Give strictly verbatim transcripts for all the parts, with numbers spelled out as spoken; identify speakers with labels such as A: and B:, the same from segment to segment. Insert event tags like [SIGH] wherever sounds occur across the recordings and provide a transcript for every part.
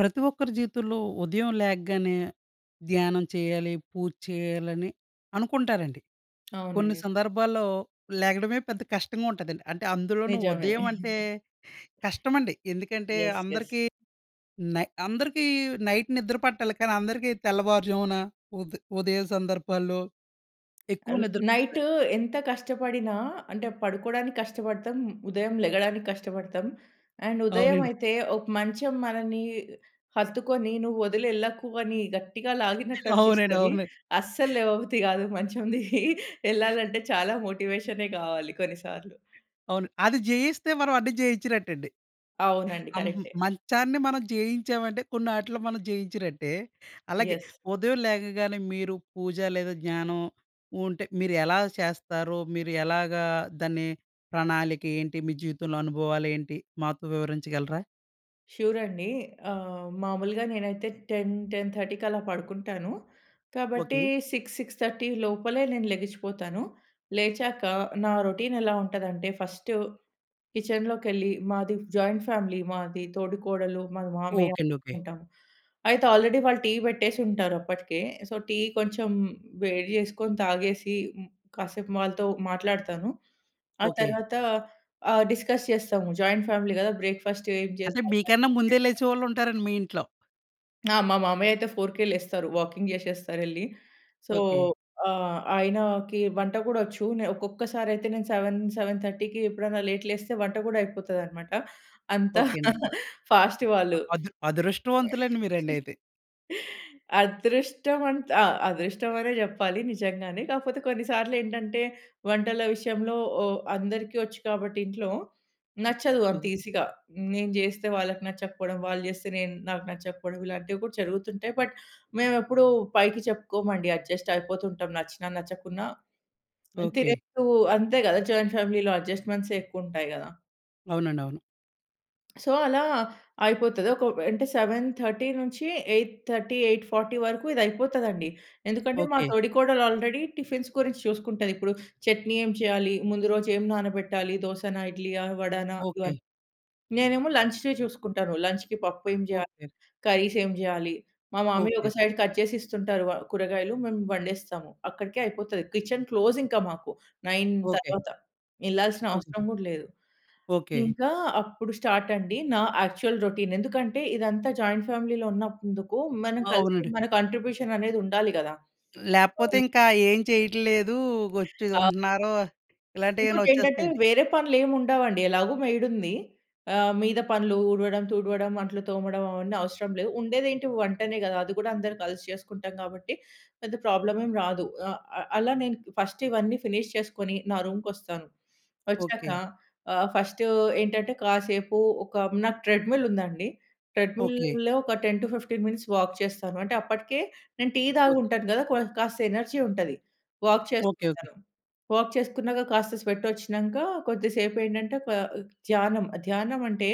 A: ప్రతి ఒక్కరి జీవితంలో ఉదయం లేగ్గానే ధ్యానం చేయాలి, పూజ చేయాలి అని అనుకుంటారండి. కొన్ని
B: అవునండి.
A: సందర్భాల్లో, లెగడమే పెద్ద కష్టంగా ఉంటదండి. అంటే అందులోనూ
B: నిజమే.
A: ఉదయం అంటే,
B: [CHUCKLES]
A: కష్టం అండి. ఎందుకంటే
B: యస్. యస్.
A: అందరికీ నై అందరికీ నైట్ నిద్ర పట్టాలి కానీ అందరికీ తెల్లవారు జామున, ఉద్ ఉదయం సందర్భాల్లో, ఎక్కువ
B: అన్
A: నిద్ర
B: నైట్
A: పడతదండి.
B: ఎంత కష్టపడినా అంటే పడుకోడానికష్టపడతాం, ఉదయం లెగడానికష్టపడతాం. అండ్ ఉదయం
A: అవునండి.
B: అయితే ఒక మంచం మనని హత్తుకొని నువ్వొదిలెళ్ళకు అని గట్టిగా
A: [GIGGLES] అవునండి.
B: లాగినట్టనిపిస్తది.
A: అవునండి.
B: అస్సల్లేవబుద్ది కాదు మంచం దిగి [CHUCKLES] ఎళ్ళాలంటే చాలా మోటివేషనే కావాలి కొన్నిసార్లు.
A: అవును. అది జయిస్తే మనం అన్ని జయించినట్టండి. [GIGGLES]
B: అవునండి.
A: ఆహ్, మ్
B: కరెక్టే.
A: మంచాన్ని మనం జేయించామంటే కొన్నాటిలో మనం జేయించినట్టే. అలాగే,
B: యస్.
A: ఉదయం లేగగానే మీరు పూజ లేదా జ్ఞానం, ఉంటే మీరెలా చేస్తారో, మీరు ఎలాగా దాన్ని ప్రణాళికేంటి? మీ జీవితంలో అనుభవాలేంటి? మాతో వివరించగలరా?
B: షూర్ అండి. ఆహ్, మామూలుగా నేనైతే టెన్ టెన్ థర్టీకి అలా పడుకుంటాను. కాబట్టి
A: ఓకే.
B: సిక్స్ సిక్స్ థర్టీ లోపలే నేను లెగిచిపోతాను. లేచాక నా రొటీన్ ఎలా ఉంటది అంటే ఫస్ట్ కిచెన్‌లోకెళ్లి మాది జాయింట్ ఫ్యామిలీ మాది తోడికోడలు, మా మామయ్య
A: ఓకే అండి. ఓకే.
B: ఉంటాం. అయితే ఆల్రెడీ వాళ్ళు టీ పెట్టేసుంటారప్పటికే. సో, టీ కొంచెం వేడి చేసుకొని తాగేసి, కాసేపు వాళ్ళతో మాట్లాడతాను. ఆ
A: ఓకే.
B: తరువాత ఆహ్, డిస్కస్ చేస్తాము, జాయింట్ ఫ్యామిలీ కదా! బ్రేక్‌ఫాస్ట్ ఏం జేయాలి,
A: అంటే
B: లంచ్
A: మీకన్నా
B: ఏం
A: ముందే
B: జేయాలి
A: లేచేవాళ్ళుంటారండి మీ ఇంట్లో.
B: ఆ! మా మామయ్య అయితే ఫోర్‌కే లేస్తారు. వాకింగ్ చేసేస్తారెళ్లి. So
A: okay.
B: ఆహ్, ఆయనకి వంట కూడా వచ్చు. నె ఒక్కొక్కసారి అయితే నేను సెవెన్ సెవెన్ థర్టీకి ఎప్పుడైనా లేట్ లేస్తే వంట కూడా అయిపోతదన్నమాట. అంత
A: ఓకే అండి.
B: ఫాస్ట్
A: ఆ!
B: వాళ్ళు.
A: అద్ అదృష్టవంతులండి మీరండి అయితే.
B: అదృష్టం ఆంట్ ఆహ్, అదృష్టం అనే చెప్పాలి నిజంగానే. కాకపోతే కొన్ని సార్లు ఏంటంటే వంటల విషయంలో ఓ అందరికి వచ్చు కాబట్టి ఇంట్లో నచ్చదు అంత
A: ఓకే.
B: ఈజీగా. నేను చేస్తే వాళ్ళకి నచ్చకపోవడం, వాళ్ళు చేస్తే నేను నాకు నచ్చకపోవడం, ఇలాంటివి కూడా జరుగుతుంటాయి. బట్ మేము ఎప్పుడు పైకి చెప్పుకోమండి అడ్జస్ట్ అయిపోతు ఉంటాం నచ్చినా నచ్చకున్నా
A: ఓకే.
B: తినేప్పుడు అంతే కదా జాయింట్ ఫ్యామిలీలో ఎడ్జస్ట్‌మెంట్సే ఎక్కువ ఉంటాయి కదా!
A: అవునండి. అవును.
B: సో అలా అయిపోతది. ఒక అంటే సెవెన్ థర్టీ నుంచి ఎయిట్ థర్టీ ఎయిట్ ఫార్టీ వరకు ఇది అయిపోతదండి. ఎందుకంటే మా
A: ఓకే.
B: తోడికోడలు ఆల్రెడీ టిఫిన్స్ గురించి చూసుకుంటది. ఇప్పుడు చట్నీ ఏం చేయాలి, ముందు రోజు ఏం నానబెట్టాలి, దోసనా ఇడ్లీ ఆహ్, వడనా
A: ఓకే.
B: ఇవన్నీ. నేనేమో లంచ్‌వి చూసుకుంటాను. లంచ్‌కి పప్పు ఏం చేయాలి?
A: ఓకే.
B: కర్రీస్ ఏం చేయాలి? మా మామయ్య
A: ఓకే.
B: ఒక సైడ్ కట్ చేసి ఇస్తుంటారు వ కూరగాయలు మేము వండేస్తాము. అక్కడికే అయిపోతది. కిచెన్ క్లోజ్ ఇంకా మాకు నైన్
A: ఓకే.
B: తర్వాత. ఎళ్ళాల్సిన
A: ఓకే.
B: అవసరం కూడా లేదు.
A: ఓకే.
B: ఇంకా అప్పుడు స్టార్ట్ అండి నా యాక్చువల్ రొటీన్. ఎందుకంటే ఇదంతా జాయింట్ ఫ్యామిలీ‌లో ఉన్నందుకు మనం కలిసి
A: అవునండీ.
B: మన కాంట్రిబ్యూషన్ అనేది ఉండాలి కదా!
A: లేకపోతే
B: అవును.
A: ఇంకా ఏం చేయట్లేదు, వచ్చి
B: ఆ
A: ఉంటున్నారో ఇలాంటివి ఏమైనా
B: ఇంకోటేంటంటే
A: వచ్చేస్తాయండి.
B: వేరే పనులేమి ఉండవండి ఎలాగో మెయిడ్ ఉంది. ఆహ్, మీద పనులు ఊడవడం, తుడవడం, అంట్లు తోమడం అవన్నీ అవసరం లేదు. ఉండేది ఏంటి వంటనే కదా! అది కూడా అందరం కలిసి చేసుకుంటాం కాబట్టి పెద్ద ప్రాబ్లమ్ ఏమి రాదు. ఆహ్, ఆహ్, అలా నేను ఫస్ట్ ఇవన్నీ ఫినిష్ చేసుకొని నా రూమ్‌కి వస్తాను. వచ్చాక
A: ఓకే.
B: ఆహ్, ఫస్ట్ ఏంటంటే కాసేపు ఒక నాకు ట్రెడ్‌మిల్ ఉందండి.
A: ఓకే.
B: ట్రెడ్‌మిల్‌లో ఒక ten to fifteen minutes walk చేస్తాను అంటే అప్పటికే నేను టీ తాగు
A: ఓకే.
B: ఉంటాను కదా! క్వొన్ కాస్త ఎనర్జీ ఉంటది. Walk
A: okay, okay.
B: చేసుకుంటాను. వాక్ చేసుకున్నాక కాస్త స్వెట్ వచ్చినాక కొద్ది సేపు ఏంటంటే క్వ ఆహ్, ధ్యానం ధ్యానం అంటే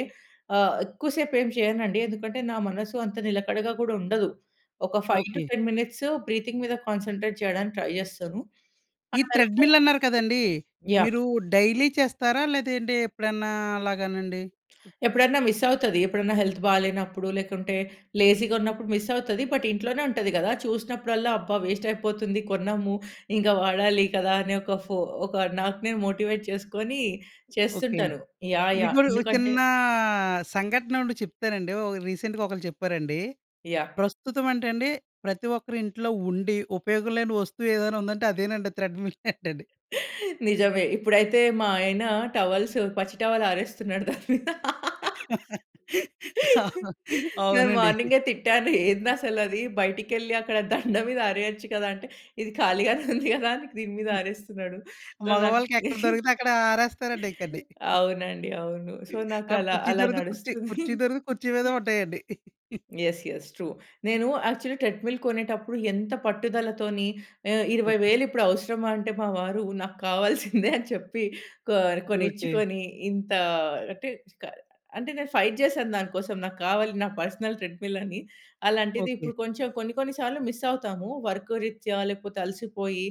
B: ఆహ్, ఎక్కువ సేపు ఏమి చేయనండి ఎందుకంటే నా మనసు అంత నిలకడగా కూడా ఉండదు. ఒక five to
A: okay.
B: Ten minutes breathing మీద కాన్సంట్రేట్ చేయడానికి ట్రై చేస్తాను.
A: ఈ
B: [UNINTELLIGIBLE]
A: థ్రెడ్‌మిల్ అన్నారు కదండీ.
B: యాహ్!
A: మీరు డైలీ చేస్తారా? లేదంటే ఎప్పుడన్నా అలాగానండి?
B: ఎప్పుడైనా మిస్ అవుతది. ఎప్పుడన్నా హెల్త్ బాలేనప్పుడు లేకుంటే లేజీగా ఉన్నప్పుడు మిస్ అవుతది. బట్ ఇంట్లోనే ఉంటది కదా చూసినప్పుడల్లా అబ్బా! వేస్ట్ అయిపోతుంది కొన్నాము ఇంకా వాడాలి కదా! అని ఒక ఫొ ఒక నాకు నేను మోటివేట్ చేసుకొని
A: ఓకే అండి.
B: చేస్తుంటాను. యాహ్!
A: మీకు
B: యాహ్!
A: ఒక
B: ఎందుకంటే
A: చిన్న సంఘటనొకటి చెప్తానండి. ఒకరు రీసెంట్‌గా ఒకళ్ళు చెప్పారండి.
B: యాహ్!
A: ప్రస్తుతం అంట అండి, ప్రతి ఒక్కరి ఇంట్లో ఉండి ఉపయోగం లేని వస్తువు ఏదైనా ఉందంటే అదేనంట థ్రెడ్‌మిల్ [CHUCKLES] అంటండి.
B: [CHUCKLES] నిజమే ఇప్పుడైతే మా ఆయన టవల్స్ పచ్చి టవల్ ఆరేస్తున్నాడు దాని మీద. [LAUGHS]
A: [LAUGHS]
B: [LAUGHS] నేను
A: అవునండి.
B: మార్నింగే తిట్టాను, "ఏందసలు అది బయటికి వెళ్లి అక్కడ దండ మీద అరేయొచ్చు కదా!" అంటే ఇది ఖాళీగానే ఉంది కదా దీని మీద ఆరేస్తున్నాడు. సో నాకు
A: మగవాళ్ళకి ఎక్కడ దొరికితే
B: [CHUCKLES]
A: అక్కడ ఆరేస్తారండి ఇకండి. [CHUCKLES]
B: అవునండి అవును. సో
A: ఆడ
B: నాకలా
A: కుర్చీ
B: అలా
A: దొరికితే కుర్చీ,
B: నడుస్తుంది.
A: కుర్చీ దొరికితే కుర్చీ మీద
B: [LAUGHS]
A: ఉంటాయండి. [CHUCKLES]
B: Yes, yes. ట్రూ. నేను యాక్చువల్ ట్రెడ్‌మిల్ కొనేటప్పుడు ఎంత పట్టుదలతోని ఆహ్, ఇరవై
A: ఓకే.
B: వేలు ఇప్పుడు అవసరమా అంటే మా వారు నాకు కావాల్సిందే అని చెప్పి కొ
A: ఓకే.
B: కొనిచ్చుకొని ఇంత అంటే క అంటే నేను ఫైట్ చేశాను దానికోసం నాకు కావాలి నా పర్సనల్ థ్రెడ్‌మిల్ అని. అలాంటిది
A: ఓకే.
B: ఇప్పుడు కొంచెం కొన్ని కొన్ని సార్లు మిస్ అవుతాము. వర్క్ రిత్యా లేకపోతే అలసిపోయి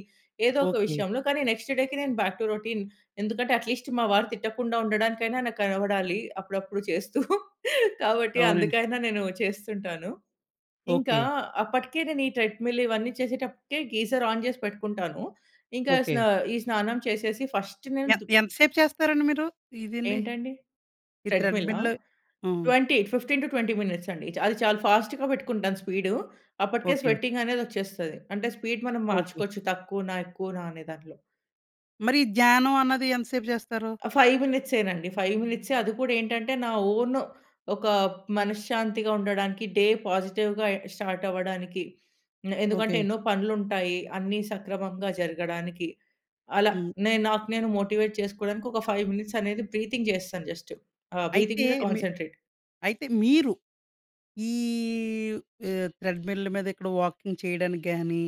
B: ఏదో ఒక
A: ఓకే.
B: విషయంలో. కానీ నెక్స్ట్ డేకి నేను బ్యాక్ టు రొటీన్ ఎందుకంటే అట్లీస్ట్ మా వారు తిట్టకుండా ఉండడానికైనా నాకు కనబడాలి అప్పుడప్పుడు చేస్తూ. [CHUCKLES] కాబట్టి
A: అవునండి.
B: అందుకైనా నేను చేస్తుంటాను. ఇంకా
A: ఓకే.
B: అప్పటికే నేను ఈ థ్రెడ్‌మిల్ ఇవన్నీ చేసేటప్పటికే గీజర్ ఆన్ చేసి పెట్టుకుంటాను ఇంకా స్నా
A: ఓకే.
B: ఈ స్నానం చేసేసి ఫస్ట్ నేను
A: ఎన్
B: దు
A: ఎంత సేపు చేస్తారండి మీరు? ఇదండి
B: ఏంటండి?
A: ఈ
B: థ్రెడ్‌మిలా!
A: త్రెడ్‌మిల్లూ? హ్మ్.
B: Twenty fifteen to twenty minutes అండి అది చాలా ఫాస్ట్‌గా పెట్టుకుంటాను స్పీడు. అప్పటికే
A: ఓకే.
B: స్వీటింగ్ అనేది వచ్చేస్తది. అంటే స్పీడ్ మనం
A: ఓకే.
B: మార్చుకోవచ్చు తక్కువన, ఎక్కువనా అనే దాంట్లో.
A: మరి ధ్యానం అన్నది ఎంత సేపు జేస్తారు?
B: అ! ఫైవ్ మినిట్సేనండి. ఫైవ్ మినిట్సే. అది కూడా ఏంటంటే, నా ఓను ఒక మనశ్శాంతిగా ఉండడానికి, డే పాజిటివ్‌గా ఎ స్టార్ట్ అవ్వడానికి. నె ఎందుకంటే
A: ఓకే.
B: ఎన్నో పనులు ఉంటాయి. అన్ని సక్రమంగా జరగడానికి అలా.
A: హ్మ్.
B: నేను నాకు నేను మోటివేట్ చేసుకోవడానికి, ఒక ఫైవ్ మినిట్స్ అనేది బ్రీతింగ్ జేస్తాన్ జస్ట్. ఆహ్, బ్రీతింగ్
A: అయితే
B: మీద
A: మీ
B: కాన్సంట్రేట్.
A: అయితే మీరు ఈవ్ ఆహ్, త్రెడ్‌మిల్ మీద ఇక్కడ వాకింగ్ చేయడానికి గాని,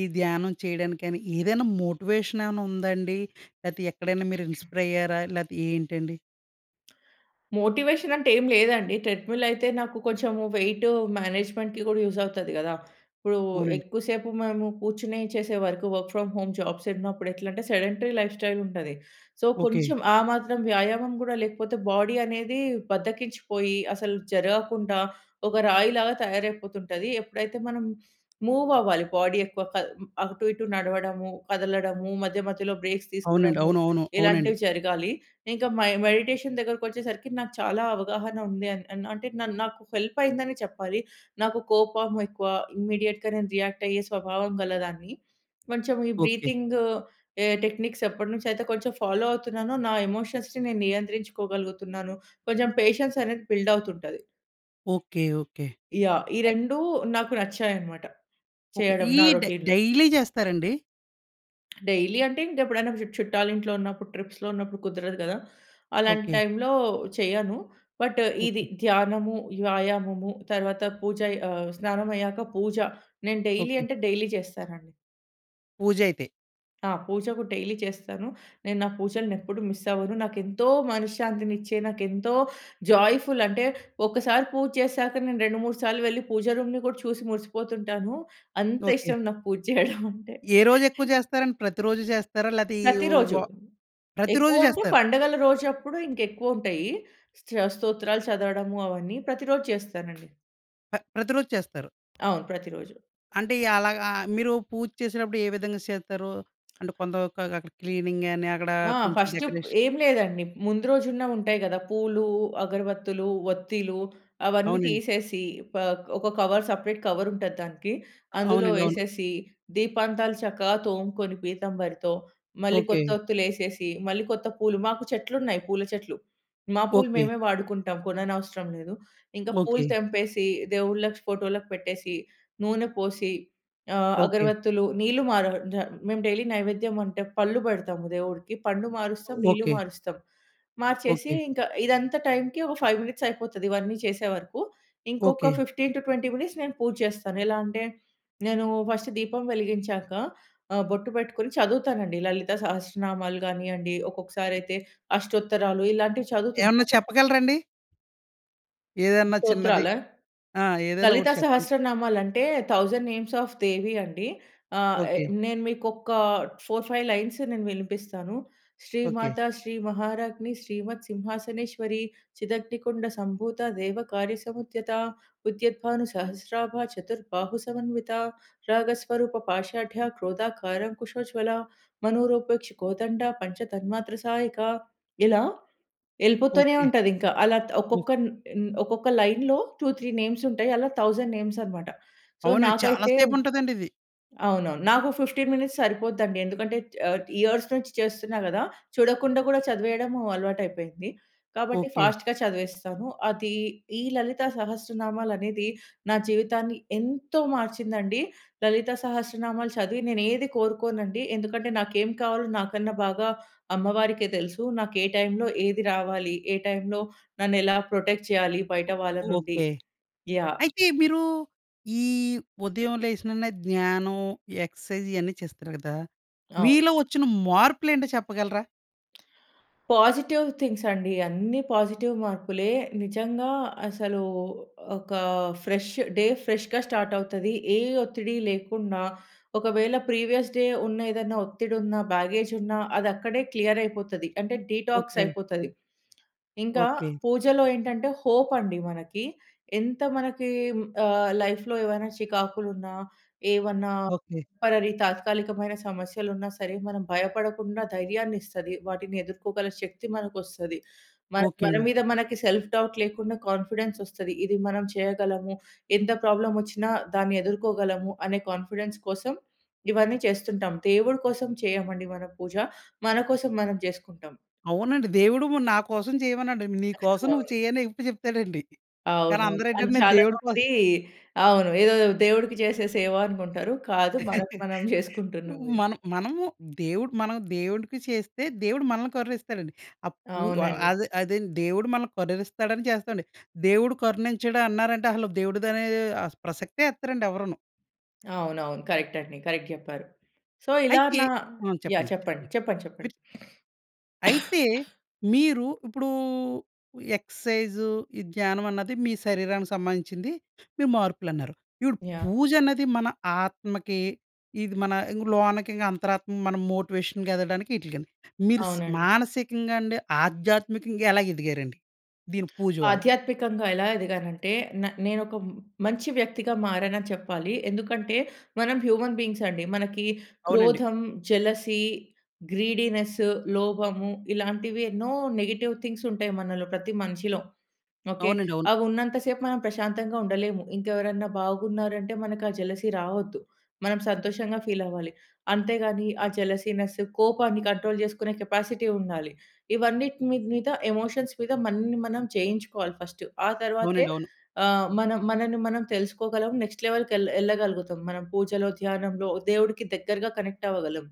A: ఈ ధ్యానం చేయడానికి గాని ఏదైనా మోటివేషన్ ఏవన్నా ఉందాండి. లేతే ఎక్కడైనా మీరు
B: [CLEARS THROAT]
A: ఇన్‌స్పై‌ర్ అయ్యారా? లేతే ఏంటండి?
B: మోటివేషన్ అంటే ఏమి లేదండి. ట్రెడ్‌మిల్ అయితే నాకు కొంచెము వెయిటు మేనేజ్మెంట్‌కి గూడా యూజ్ అవుతది గదా! ఇప్పుడు
A: అవునండి.
B: ఎక్కువ సేపు మనము కూర్చొని చేసే work. Work from home jobs ఉన్నప్పుడు ఎట్లా అంటే, సెడెంటరీ లైఫ్‌స్టైల్ ఉంటది. So,
A: okay.
B: కొంచెం ఆ మాత్రం వ్యాయామం గూడా లేకపోతే, బాడీ అనేది బద్ధకించిపోయి, అసలు జరగకుండా, ఒక రాయి‌లాగా తయారైపోతుంటది. ఎప్పుడైతే మనం మూవ్ అవ్వాలి, బాడీ ఎక్కువ కద అటు ఇటు నడవడము, కదలడము, మధ్య మధ్యలో బ్రేక్స్
A: అవునండి.
B: తీసుకోవడము
A: అవునవును. అవునండి.
B: ఇలాంటివి జరగాలి. ఇంకా మై మెడిటేషన్ దగ్గర వచ్చేసరికి నాకు చాలా అవగాహన ఉంది అని అంటే నా నాకు హెల్ప్ అయింది అని చెప్పాలి. నాకు కోపం ఎక్కువ. ఇమ్మీడియేట్‌గా నేను రియాక్ట్ అయ్యే స్వభావం గల దాన్ని. కొంచెం ఈ
A: ఓకే.
B: బ్రీతింగు ఎ టెక్‌నిక్స్ ఎప్పటి నుంచి అయితే కొంచెం ఫాలో అవుతున్నానో, నా ఎమోషన్స్‌ని నేను నియంత్రించుకోగలుగుతున్నాను. కొంచెం పేషెన్స్ అనేది బిల్డ్ అవుతుంటది.
A: ఓకె. ఓకె.
B: యాహ్! ఈ
A: అయ్
B: రెండు నాకు నచ్చాయనమాట.
A: ఓకె.
B: చేయడం నా
A: ఈడ్
B: రోటీన్‌లో.
A: డైలీ జేస్తారండి?
B: డైలీ అంటే ఇంక ఎప్పుడైనా చు చుట్టాలింట్లో ఉన్నప్పుడు, ట్రిప్స్‌లో ఉన్నప్పుడు కుదరదు గదా! అలాంటి
A: ఓకె.
B: టైమ్‌లో చేయను. బట్, ఇది
A: ఓకె.
B: ధ్యానము, వ్యాయామము తరువాత పూజ ఆహ్, స్నానమయ్యాక పూజ, నేను డైలీ
A: ఓకె.
B: అంటే డైలీ చేస్తానండి.
A: పూజ అయితే.
B: ఆ! పూజ కూడా డైలీ చేస్తాను. నేను నా పూజలని ఎప్పుడు మిస్ అవ్వను. నాకు ఎంతో మనశ్శాంతినిచ్చే, నాకు ఎంతో జాయ్‌ఫుల్ అంటే, ఒకసారి పూజ చేసాక. నేను రెండు మూడు సార్లు వెళ్ళి, పూజ రూమ్‌ని కూడా చూసి మురిసిపోతుంటాను.
A: ఓకె.
B: అంతిష్టం నాకు పూజ చేయడమంటే.
A: ఏ రోజు ఎక్కువ
B: [GIGGLES]
A: జేస్తారండి? ప్రతిరోజు జేస్తారా? లేతే ఈ ఓ వ
B: ప్రతిరోజు.
A: ప్రతిరోజు
B: ఎక్కువంటే
A: జేస్తారు.
B: పండగల రోజప్పుడు ఇంక ఎక్కువుంటాయీ. స స్తోత్రాలు చదవడము అవన్నీ ప్రతిరోజు చేస్తానండి.
A: ప్ర ప్రతిరోజు చేస్తారు.
B: అవును. ప్రతిరోజు.
A: అంటే ఎలాగా? మీరు పూజ చేసేటప్పుడు ఏ విధంగా సేతరూ? అంటే కొంత వరకు అక్కడ క్లీనింగ్ గాని అక్కడ
B: ఆ!
A: కొంచెం
B: ఫస్ట్ ప్
A: డెకరేషన్
B: ఏం లేదండి. ముందు రోజున్న ఉంటాయి గదా పూలు, అగరవత్తులు, వత్తీలు అవన్నీ
A: అవునండి.
B: తీసేసి పాక్ ఒక కవర్ సెపరేట్ కవర్ ఉంటది దానికి. అందులో
A: అవునండి. అవును.
B: ఏసేసి దీపాంతాలు చక్కగా తోముకొని పీతంభరితో, మళ్ళీ
A: ఓకె.
B: కొత్త వత్తులు ఏసేసి. మళ్ళీ కొత్త పూలు మాకు చెట్లున్నాయి పూల చెట్లు. మా పూలు
A: ఓకె.
B: మేమే వాడుకుంటాం. కొననవసరం లేదు. ఇంక పూలు
A: ఓకె.
B: తెంపేసి, దేవుళ్ళకి ఫోటోలకి పెట్టేసి. నూనె పోసి ఆహ్,
A: ఓకె.
B: అగరవత్తులు నీళ్లు మా రా జ మేము డైలీ నైవేద్యం అంటే, పళ్ళు పెడతాము దేవుడికి. పండు మారుస్తాం. నీళ్లు
A: ఓకె.
B: మారుస్తాం. మార్చేసి
A: ఓకె.
B: ఇంకా ఇదంతా టైమ్‌కి ఒక ఫైవ్ మినిట్స్ అయిపోతది. ఇవన్నీ చేసే వరకూ. ఇంకొక
A: okay.
B: Fifteen to twenty minutes నేను పూజ చేస్తాను. ఎలా అంటే, నేను ఫస్ట్ దీపం వెలిగించాక. ఆహ్, బొట్టు పెట్టుకొని చదువుతాను అండి. లలిత సహస్రనామాలు గానివ్వండి. ఒక్కొక్కసారైతే అష్టోత్తరాలు ఇలాంటివి
A: ఏమన్నా
B: చదువుతుంటాను.
A: చెప్పగలరా అండి? ఏదన్నా చిన్నది.
B: స్తోత్రాలా?
A: ఆ! ఏదైనా ఒకటి
B: లలితా
A: చెప్పండి?
B: సహస్రనామాలంటే, థౌసండ్ నేమ్స్ అఫ్ దేవి అండి. ఆహ్,
A: ఓకె.
B: నేను మీకొక్కా ఫౌర్ ఫైవ్ లైన్స్ నేను వినిపిస్తాను. శ్రీ
A: ఓకె.
B: మాతా, శ్రీ మహారాగ్ని, శ్రీమత్ సింహాసనేశ్వరి. చిదగ్ని కుండ సంభూత దేవ కార్యసముద్యతా. ఉద్యత్ భాను సహస్రాభ చతుర్ బాహు సమన్వితా. రాగ స్వరూప పాషాడ్యా క్రోధాకారం కుశోజ్వలా. మనోరోపేక్ష కోదండ పంచతన్మాత్ర సాయకా. ఇలా ఎళ్ళిపోతనే
A: ఓకె.
B: ఉంటదింక. అలా
A: ఓహ్!
B: ఒక్కొక్కన్ న్ ఒక్కొక్క లైన్‌లో టు త్రీ నేమ్స్ ఉంటాయి. అలా థౌసండ్ నేమ్స్ అనమాట. సో,
A: అవునండి. చాలా
B: నాకైతే
A: సేపు ఉంటదండి ఇది.
B: అవునవును. నాకు ఫిఫ్టీన్ మినిట్స్ సరిపోద్దండి. ఎందుకంటే ఆహ్, ఇయర్స్ నుంచి చేస్తున్నా గదా! చూడకుండా గూడా చదివేయడం అలవాటైపోయింది. కాబట్టి
A: ఓకె.
B: ఫాస్ట్‌గా చదివేస్తాను. అదీ ఈ లలిత సహస్రనామాలనేది నా జీవితాన్ని ఎంతో మార్చిందండి. లలిత సహస్రనామాలు చదివి నేను ఏది కోరుకోనండి. ఎందుకంటే, నాకేం కావాలో నాకన్నా బాగా అమ్మవారికే తెలుసు. నాకు ఏ టైమ్‌లో ఏది రావాలి. ఏ టైమ్‌లో నన్ను ఎలా ప్రొటెక్ట్ చేయాలి. బయట
A: ఓ
B: వాళ్ళ నుండి.
A: ఓకె.
B: యాహ్!
A: అయితే మీరూ ఈ ఉదయం లేసిననే ధ్యానం, ఎక్సర్సైజ్ ఇయన్నీ చేస్తారు కదా!
B: అవును.
A: మీలో వచ్చిన మార్పులు ఏంటో చెప్పగలరా?
B: పాజిటివ్ థింగ్స్ అండి. అన్ని పాజిటివ్ మార్పులే. నిజంగా అసలు ఒక ఫ్రెష్ డే ఫ్రెష్‌గా స్టార్ట్ అవుతది. ఏ ఒత్తిడి లేకుండా, ఒకవేళ ప్రీవియస్ డే ఉన్న, ఏదైనా ఒత్తిడి ఉన్న, బ్యాగేజ్ ఉన్నా అది అక్కడే క్లియర్ అయిపోతది. అంటే డీటాక్స్
A: ఓకే.
B: అయిపోతది. ఇంకా
A: ఓకే.
B: పూజలో ఏంటంటే హోప్ అండి మనకి. ఎంత మనకి ఆహ్, లైఫ్‌లో ఏవైనా చికాకులున్నా, ఏవన్నా
A: ఓకే.
B: టెంపరరీ తాత్కాలికమైన సమస్యలు ఉన్నా సరే మనం భయపడకుండా ధైర్యాన్ని ఇస్తది. వాటిని ఎదుర్కోగల శక్తి మనకు వస్తది. మన
A: ఓకే
B: మన
A: అండి.
B: మీద మనకి సెల్ఫ్ డౌట్ లేకుండా కాన్ఫిడెన్స్ వస్తది. ఇది మనం చేయగలము. ఎంత ప్రాబ్లమ్ వచ్చినా దాన్ని ఎదుర్కోగలము అనే కాన్ఫిడెన్స్ కోసం ఇవన్నీ చేస్తుంటాం. దేవుడు కోసం చేయమండి మనం పూజ మన కోసం మనం జేసుకుంటాం.
A: అవునండి. దేవుడు నువ్వు నా కోసం చేయమనడండి. నీకోసం నువ్వు
B: అవును.
A: చెయ్యి అనే ఎప్పుడు చెప్తాడండి. కానీ
B: అవునవును.
A: అందరు
B: అండ్
A: ఏంటంటే నేను
B: చాలా
A: దేవుడి కోసం
B: మంది అవును ఏదో దేవుడికి చేసే సేవ అనుకుంటారు. కాదు మనకు
A: [CHUCKLES]
B: మనం జేసుకుంటున్నాం ఇది.
A: మనం మనము దేవుడు మనం దేవుడికి చేస్తే దేవుడు మనల్ని కరుణిస్తాడండి. ఆహ్, పూ
B: అవునండి.
A: అదే అదేండి దేవుడు మనల్ని కరుణిస్తాడని చేస్తామండి. దేవుడు కరుణించడు అన్నారంటే అసలు దేవుడిదనే ఆస్ ప్రసక్తే ఎత్తరండి ఎవరును.
B: అవునవును. కరెక్ట్ అండి. కరెక్ట్ జెప్పారు. సో, ఇలా
A: అయితే
B: నా
A: ఆ!
B: యాహ్!
A: చెప్పండి.
B: చెప్పండి.
A: చెప్పండి.
B: చెప్పండి.
A: మీరు
B: చెప్పండి.
A: చ్
B: [SNIFFS]
A: అయితే
B: [COUGHS]
A: మీరు ఇప్పుడూ ఎక్సర్సైజ్, ఈ ధ్యానం అన్నది మీ శరీరానికి సంబంధించింది, మీ మార్పులు అన్నారు. ఇపుడు
B: యాహ్!
A: పూజ అన్నది మన ఆత్మకి, ఇది మన ఇంగ లోనకి ఇంగ అంతరాత్మ మనం మోటివేషన్‌గెదగడానికి ఇటికండి. మీరు స్
B: అవునండి.
A: మానసికంగా అండి, ఆధ్యాత్మికంగా ఎలా ఎదిగారండి? దీని పూజ వల్ల.
B: ఆధ్యాత్మికంగా ఎలా ఎదిగాను అంటే, న నేను ఒక మ్ మంచి వ్యక్తిగా మారాను అని చెప్పాలి. ఎందుకంటే మనం హ్యూమన్ బీయింగ్స్ అండి. మనకి
A: అవునండి.
B: క్రోధం, జలసీ, గ్రీడీనెస్, లోభము ఇలాంటివి ఎన్నో నెగెటివ్ థింగ్స్ ఉంటాయి మనలో ప్రతి మనిషిలో. ఓకె.
A: అవునండి. అవును.
B: అవి ఉన్నంత సేపు మనం ప్రశాంతంగా ఉండలేము. ఇంకెవరన్నా బాగున్నారంటే మనకు ఆ జలసీ రావొద్దు. మనం సంతోషంగా ఫీల్ అవ్వాలి. అంతేగాని ఆ జలసీనెస్, కోపాన్ని కంట్రోల్ చేసుకునే కెపాసిటీ ఉండాలి. ఇవన్నిటిని మీద ఎమోషన్స్ మీద మనని మనం జయించుకోవాలి ఫర్స్ట్. ఆ తర్వాతే
A: అవునండి. అవును.
B: ఆహ్, మనం మనన్ని మనం తెలుసుకోగలం. నెక్స్ట్ లెవెల్‌కి ఎళ్ళ ఎళ్ళగలుగుతం మనం పూజలో, ధ్యానంలో దేవుడికి దగ్గరగా కనెక్ట్ అవ్వగలం.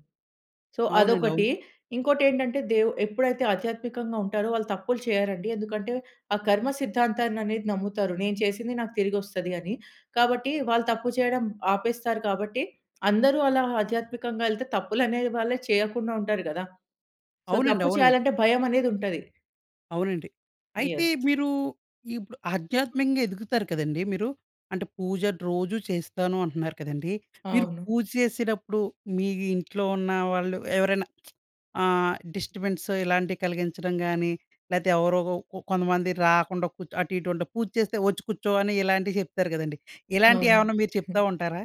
B: సో,
A: అవునండి. అవును.
B: అదొకటి. ఇంకోటి ఏంటంటే దేవు ఎప్పుడైతే ఆధ్యాత్మికంగా ఉంటారో, వాళ్ళు తప్పులు చేయరండి. ఎందుకంటే ఆ కర్మ సిద్ధాంతాన్ని అనేది నమ్ముతారు నేను చేసింది నాకు తిరిగి ఒస్తది అని. కాబట్టి వాళ్ళు తప్పు చేయడం ఆపేస్తారు కాబట్టి, అందరూ అలా ఆధ్యాత్మికంగా ఎళ్తే తప్పులనే వాళ్ళే చేయకుండా ఉంటారు గదా! సో,
A: అవునండి.
B: తప్పు
A: అవునండి.
B: చేయాలంటే భయం అనేది ఉంటది.
A: అవునండి. అయితే
B: యెస్.
A: మీరు ఇప్పుడు ఆధ్యాత్మికంగా ఎదుగుతారు కదండీ మీరు. అంటే పూజ రోజూ చేస్తాను అంటున్నారు కదండీ. మీరు
B: అవును.
A: పూజ చేసేటప్పుడు మీ ఇంట్లో ఉన్న వాళ్ళు ఎవరైనా [SMACKS LIPS] అహ్, డిస్టర్బెన్స్ ఇలాంటివి కలిగించడం గాని, లెతే ఎవరోగొ కొంతమంది రాకుండా కూర్చ్ అటు ఇటు ఉంటా పూజ చేస్తే వచ్చి కూర్చో అని ఇలాంటివి చెప్తారు కదండీ. ఇలాంటివి
B: అవును.
A: ఏమన్నా మీరు చెప్తా
B: [CHUCKLES]
A: ఉంటారా?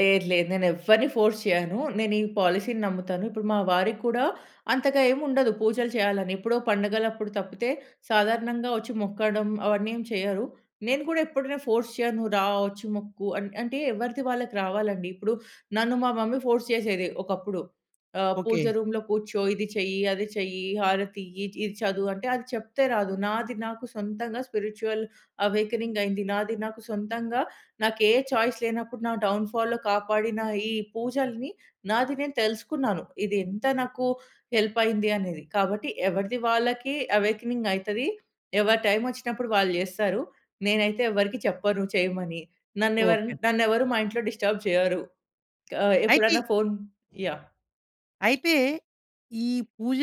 B: లేదు లేదు నేను ఎవ్వరిని ఫోర్స్ చేయను. నేను ఈ పాలిసీ‌ని నమ్ముతాను. ఇప్పుడు మా వారికి కూడా అంతగా ఏమి ఉండదు పూజలు చేయాలి అని. ఎప్పుడో పండగలప్పుడు తప్పితే సాధారణంగా వచ్చి మొక్కడం అవన్నీ ఏమి చెయ్యరు. నేను కూడా ఎప్పుడైనా ఫోర్స్ చేయను. రా వచ్చి మొక్కు అన్ అంటే ఎవరిది వాళ్ళకి రావాలండి. ఇప్పుడు నన్ను మా మమ్మీ ఫోర్స్ చేసేది ఒకప్పుడు. ఆహ్, పూజ
A: ఓకే.
B: రూమ్‌లో కూర్చో, ఇది చెయ్యి, అది చెయ్యి, హారతి ఇయ్యి, ఇది చదువు అంటే అది చెప్తే రాదు. నాది నాకు సొంతంగా స్పిరిచ్యువల్ అవేకెనింగ్ అయింది. నాది నాకు సొంతంగా నాకే చాయిస్ లేనప్పుడు నా డౌన్‌ఫాల్‌లో కాపాడిన ఈ పూజల్ని నాది నేను తెలుసుకున్నాను. ఇది ఎంత నాకు హెల్ప్ అయింది అనేది. కాబట్టి ఎవరిది వాళ్ళకి అవేకెనింగ్ అయితది. ఎవరి టైం వచ్చినప్పుడు వాళ్ళు చేస్తారు. నేనైతే ఎవరికీ చెప్పను చేయమని. నన్నేవరన
A: ఓకే.
B: నన్నేవరు మా ఇంట్లో డిస్టర్బ్ చేయరు. ఆహ్,
A: అయితే...
B: ఎప్పుడైనా ఫోన్ యాహ్!
A: అయితే ఈ పూజ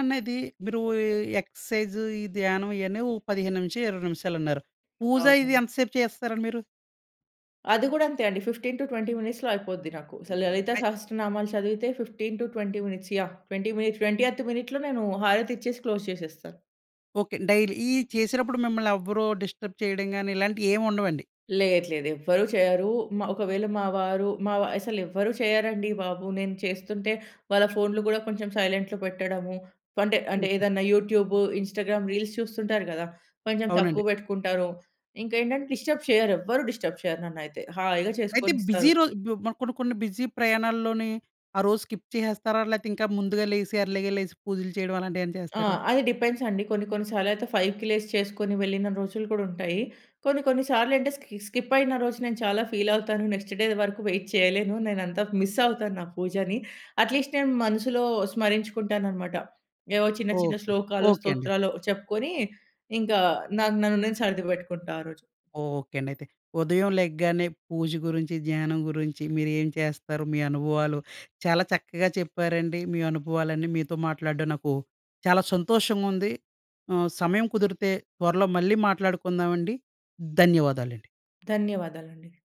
A: అనేది మీరు ఎక్సర్సైజ్, ఈ ధ్యానం ఇయాన్ని ఓ పదిహేను నుంచి ఇరవై నిమిషాలన్నారు. పూజ ఇది
B: అవునండి.
A: ఎంత సేపు చేస్తారండి మీరు?
B: అది కూడా అంతే అండి. ఫిఫ్‌టీన్ టు ట్వెంటీ మినిట్స్‌లో అయిపోద్ది నాకు. అసలు లలిత సహస్ర నామాలు చదివితే fifteen to twenty minutes‌ yeah‌! Twenty minute, twentieth మినిట్‌లో నేను హారతి ఇచ్చేసి క్లోజ్ చేసేస్తాను.
A: ఓకే. డైలీ ఇయ్యి చేసినప్పుడు మిమ్మల్నెవ్వరు డిస్టర్బ్ చేయడం గాని ఇలాంటియి ఏమి ఉండవండి.
B: లేదు, లేదు ఎవ్వరూ చేయరు. మా ఒకవేళ మా వారు మావా అసలెవ్వరూ చేయరండీ బాబు. నేను చేస్తుంటే వాళ్ళ ఫోన్లు గూడా కొంచెం సైలెంట్‌లో పెట్టడము అంటే, అంటే
A: ఓకే.
B: ఏదన్నా యూట్యూబు ఇన్‌స్టా‌గ్రామ్ రీల్స్ చూస్తుంటారు గదా! కొంచెం తక్కువ
A: అవునండి.
B: పెట్టుకుంటారు. ఇంకేంటంటే డిస్టర్బ్ చేయ్యరెవ్వరూ డిస్టర్బ్ చేయరు నన్నైతే హాయిగా
A: అయితే బీజి
B: చేసుకొనిస్తారు.
A: రోజు బు మనకున్న కొన్ని, కొన్ని బిజి ప్రయాణ‌ల్లోని, ఆ రోజు స్కిప్ చేసేస్తారా? లేతే ఇంకా ముందుగా లేసి ఎర్లీగా లేసి పూజలు చేయడం అలాంటివేమన్నా
B: ఆ!
A: చేస్తారా?
B: అది డిపెండ్స్ అండి. కొన్ని, కొన్ని సార్లు అయితే ఫైవ్‌కి లేసి చేసుకొని వెళ్ళిన రోజులు కూడా ఉంటాయి. కొన్ని, కొన్ని సార్లు అంటే స్కి స్కిప్ అయిన రోజు నేను చాలా ఫీల్ అవుతాను. నెక్స్ట్ డే వరకు వెయిట్ చేయలేను. నేనంత మిస్ అవుతాను నా పూజని. అట్‌లీస్ట్ నేను మనసులో స్మరించుకుంటాననమాట. ఏవో చిన్న, చిన్న
A: ఓకే.
B: శ్లోకాలు,
A: ఓకే అండి.
B: స్తోత్రాలో చెప్పుకొని ఇంకా నాకు నన్ను నేను సరిది పెట్టుకుంటా ఆ రోజు.
A: ఓకే అండి అయితే. ఉదయం లెగ్గానే పూజ గురించి, ధ్యానం గురించి, మీరేం చేస్తారు? మీ అనుభవాలు చాలా చక్కగా చెప్పారండి మీ అనుభవాలన్నీ. మీతో మాట్లాడడం నాకు చాలా సంతోషంగుంది. ఆహ్, సమయం కుదిరితే త్వరలో మళ్ళీ మాట్లాడుకుందామండి. ధన్యవాదాలండి.
B: ధన్యవాదాలండి.